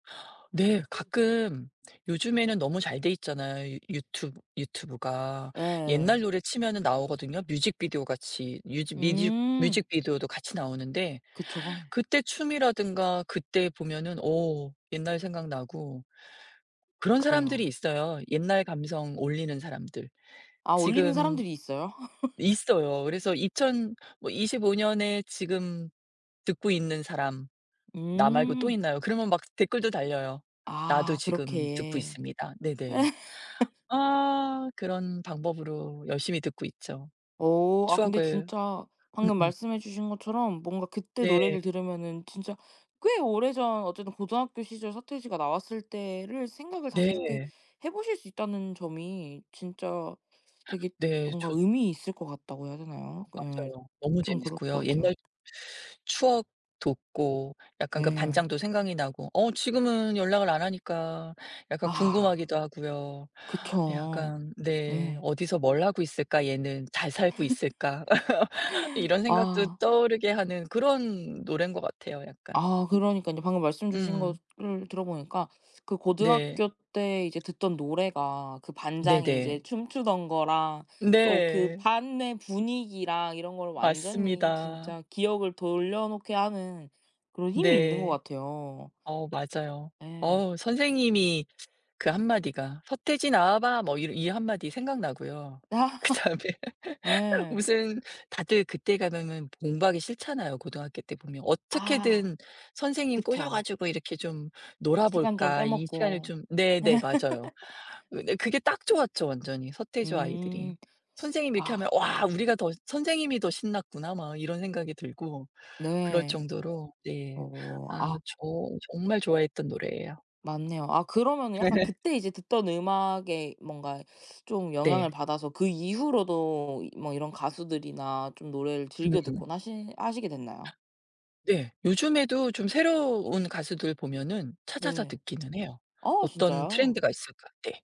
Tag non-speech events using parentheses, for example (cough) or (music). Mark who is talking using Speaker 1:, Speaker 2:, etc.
Speaker 1: 네.
Speaker 2: 음.
Speaker 1: 가끔 요즘에는 너무 잘 돼 있잖아요 유튜브 유튜브가. 옛날
Speaker 2: 예.
Speaker 1: 노래 치면은 나오거든요. 뮤직비디오같이 뮤즈 뮤직
Speaker 2: 음.
Speaker 1: 뮤직비디오도 같이 나오는데
Speaker 2: 그쵸.
Speaker 1: 그때 춤이라든가 그때 보면은 어 옛날 생각나고. 그런 사람들이
Speaker 2: 그래요.
Speaker 1: 있어요. 옛날 감성 올리는 사람들.
Speaker 2: 아 올리는
Speaker 1: 지금
Speaker 2: 사람들이 있어요? (laughs)
Speaker 1: 있어요. 그래서 "2,000 뭐 25 년에 지금 듣고 있는 사람 나 말고 또
Speaker 2: 음.
Speaker 1: 있나요?" 그러면 막 댓글도 달려요. "나도
Speaker 2: 아.
Speaker 1: 지금 듣고
Speaker 2: 그렇게.
Speaker 1: 있습니다." 네네.
Speaker 2: (laughs)
Speaker 1: 아. 그런 방법으로 열심히 듣고 있죠.
Speaker 2: 오. 아 근데
Speaker 1: 추억을
Speaker 2: 진짜 방금
Speaker 1: 음음.
Speaker 2: 말씀해 주신 것처럼 뭔가 그때
Speaker 1: 네.
Speaker 2: 노래를 들으면은 진짜 꽤 오래전 어쨌든 고등학교 시절 서태지가 나왔을 때를 생각을 다시 이렇게
Speaker 1: 네.
Speaker 2: 해 보실 수 있다는 점이 진짜
Speaker 1: (gasps)
Speaker 2: 되게
Speaker 1: 네.
Speaker 2: 뭔가
Speaker 1: 좋
Speaker 2: 의미 있을 것 같다고 해야
Speaker 1: 아
Speaker 2: 되나요? 예
Speaker 1: 맞아요. 너무
Speaker 2: 좀 그럴
Speaker 1: 재밌고요.
Speaker 2: 것 같아요.
Speaker 1: 옛날 추억 돋고 약간 그
Speaker 2: 네.
Speaker 1: 반장도 생각이 나고. 어 지금은 연락을 안 하니까 약간
Speaker 2: 아.
Speaker 1: 궁금하기도 하고요.
Speaker 2: 그쵸.
Speaker 1: 약간 네
Speaker 2: 예.
Speaker 1: '어디서 뭘 하고 있을까 얘는. 잘
Speaker 2: (laughs)
Speaker 1: 살고 있을까.' (laughs) 이런 생각도
Speaker 2: 아.
Speaker 1: 떠오르게 하는 그런 노래인 것 같아요 약간.
Speaker 2: 아 그러니깐요. 방금 말씀 주신
Speaker 1: 음.
Speaker 2: 거를 들어 보니까 그
Speaker 1: 네.
Speaker 2: 고등학교 때 이제 듣던 노래가 그 반장이
Speaker 1: 네네.
Speaker 2: 이제 춤추던 거랑 또 그
Speaker 1: 네.
Speaker 2: 반의 분위기랑 이런 거를 완전히
Speaker 1: 맞습니다.
Speaker 2: 진짜 기억을 돌려놓게 하는 그런 힘이 있는 것
Speaker 1: 네.
Speaker 2: 같아요.
Speaker 1: 어 맞아요.
Speaker 2: 예.
Speaker 1: 어우 선생님이 그 1 마디가 "서태지 나와 봐." 뭐 이 이 1 마디 생각나고요.
Speaker 2: (laughs)
Speaker 1: 그다음에 (laughs)
Speaker 2: 예.
Speaker 1: 무슨 다들 그때 가면은 공부하기 싫잖아요 고등학교 때 보면.
Speaker 2: 아.
Speaker 1: 어떻게든 선생님 꼬셔
Speaker 2: 그쵸.
Speaker 1: 가지고 이렇게 좀
Speaker 2: 시간 좀
Speaker 1: 놀아볼까
Speaker 2: 빼
Speaker 1: 이 시간을
Speaker 2: 먹고.
Speaker 1: 좀 네네. 맞아요.
Speaker 2: (laughs)
Speaker 1: 근데 그게 딱 좋았죠 완전히 서태지와 아이들이.
Speaker 2: 음.
Speaker 1: 선생님이 이렇게
Speaker 2: 아.
Speaker 1: 하면 와 우리가 더 선생님이 더 신났구나.' 막 이런 생각이 들고 그럴
Speaker 2: 네.
Speaker 1: 정도로 네
Speaker 2: 어.
Speaker 1: 아
Speaker 2: 아
Speaker 1: 저 정말 좋아했던 노래예요.
Speaker 2: 맞네요. 아 그러면은 약간
Speaker 1: (laughs)
Speaker 2: 그때 이제 듣던 음악에 뭔가 좀 영향을
Speaker 1: 네.
Speaker 2: 받아서 그 이후로도 뭐 이런 가수들이나 좀 노래를 즐겨
Speaker 1: 음음.
Speaker 2: 듣곤 하시 하시게 됐나요?
Speaker 1: (gasps) 네. 요즘에도 좀 새로운 가수들 보면은 찾아서
Speaker 2: 네.
Speaker 1: 듣기는 해요.
Speaker 2: 아
Speaker 1: '어떤
Speaker 2: 진짜요?
Speaker 1: 트렌드가 있을까.' 네.